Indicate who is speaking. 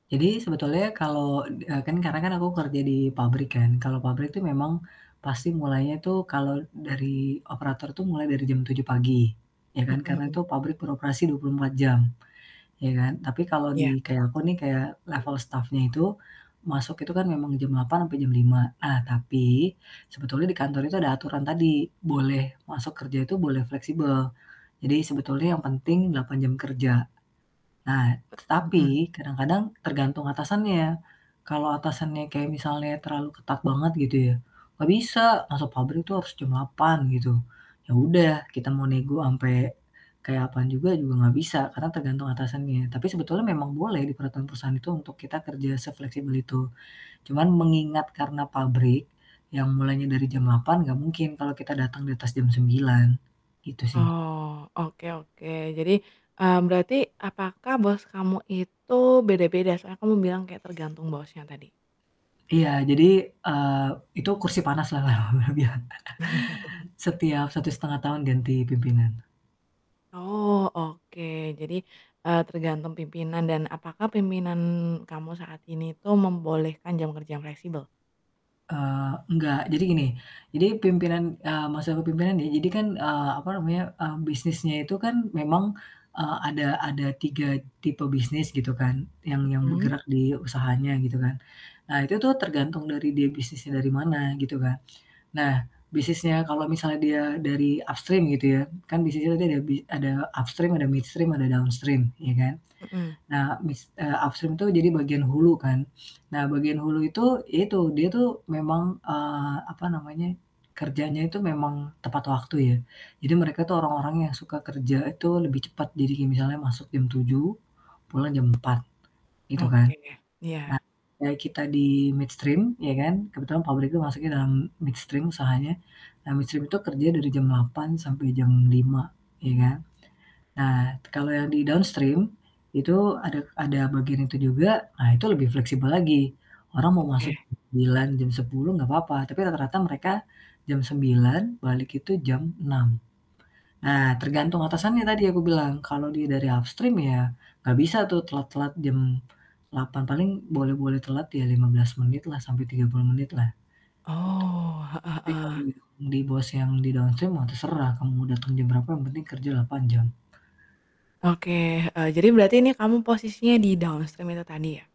Speaker 1: Jadi sebetulnya kalau d eee, kan karena aku kerja di pabrik kan. Kalau pabrik itu memang pasti mulainya tuh kalau dari operator tuh mulai dari jam 7 pagi. Ya
Speaker 2: Mhm
Speaker 1: kan. Karena
Speaker 2: mhm.
Speaker 1: itu pabrik beroperasi 24 jam. Ya kan. Tapi kalau
Speaker 2: Ya.
Speaker 1: di, kayak aku nih, kayak level stafnya itu. Masuk itu kan memang jam 8.00 sampai jam 5.00. Nah, tapi, sebetulnya di kantor itu ada aturan tadi, boleh masuk kerja itu boleh fleksibel. Jadi sebetulnya yang penting 8 jam kerja. Nah,
Speaker 2: E mhm.
Speaker 1: tapi kadang-kadang tergantung atasannya. Kalau atasannya kayak misalnya terlalu ketat banget gitu ya, "Gak bisa. Masuk pabrik tuh harus jam 8.00," gitu. Ya udah kita mau nego sampai kayak apaan juga juga nggak bisa, karena tergantung atasannya, tapi sebetulnya memang boleh di peraturan perusahaan itu untuk kita kerja sefleksibel itu, cuman mengingat karena pabrik yang mulainya dari jam 8.00 nggak mungkin kalau kita datang di atas jam 9.00 gitu sih.
Speaker 2: Oh, oke oke jadi, eee, berarti apakah bos kamu itu beda-beda? Soalnya kamu bilang kayak tergantung bosnya tadi?
Speaker 1: Iya jadi, eee, itu kursi panas lah orang bilangnya. Setiap 1,5 tahun ganti pimpinan.
Speaker 2: Oh oke. Jadi, eee, tergantung pimpinan, dan apakah pimpinan kamu saat ini tuh membolehkan jam kerja yang fleksibel?
Speaker 1: Eee, enggak. Jadi gini, jadi pimpinan, eee, masa kepemimpinan nih jadi kan, eee, apa namanya, mmm, bisnisnya itu kan memang, eee, ada ada 3 tipe bisnis gitu kan, yang yang
Speaker 2: Mhm.
Speaker 1: bergerak di usahanya gitu kan. Nah, itu tuh tergantung dari dia bisnisnya dari mana gitu kan. Nah, bisnisnya kalau misalnya dia dari upstream gitu ya. Kan bisnisnya tadi ada bi ada upstream, ada midstream, ada downstream, ya kan.
Speaker 2: Mhm.
Speaker 1: Nah, bis eee, upstream tuh jadi bagian hulu kan. Nah bagian hulu itu, ya itu dia tuh memang, eee, apa namanya, kerjanya itu memang tepat waktu ya. Jadi mereka tuh orang-orang yang suka kerja itu lebih cepet. Jadi kayak misalnya jam 7.00 pulang jam 4.00 gitu kan.
Speaker 2: Oke,
Speaker 1: Nah
Speaker 2: iya.
Speaker 1: kayak kita di midstream ya kan, kebetulan pabrikku masuknya dalam midstream usahanya. Nah, midstream itu kerja dari jam 8.00 sampai jam 5.00 ya kan. Nah kalau yang di downstream. Itu ada ada bagian itu juga, nah itu lebih fleksibel lagi. Orang mau masuk
Speaker 2: Oke.
Speaker 1: jam 9.00, jam 10.00 gak papa, tapi rata-rata mereka jam 9.00 balik itu jam 6.00. Nah tergantung atasannya yang tadi aku bilang, kalau dia dari upstream ya gak bisa tuh telat-telat jam 8.00 paling boleh-boleh telat ya 15 menit lah sampai 30 menit lah. Itu.
Speaker 2: Oh, heeh
Speaker 1: Tapi
Speaker 2: heeh.
Speaker 1: kalau di bawah si yang di downstream mah terserah, kamu dateng jam berapa yang penting kerja 8.00 jam.
Speaker 2: Oke heeh, jadi berarti ini kamu posisinya di downstream itu tadi ya?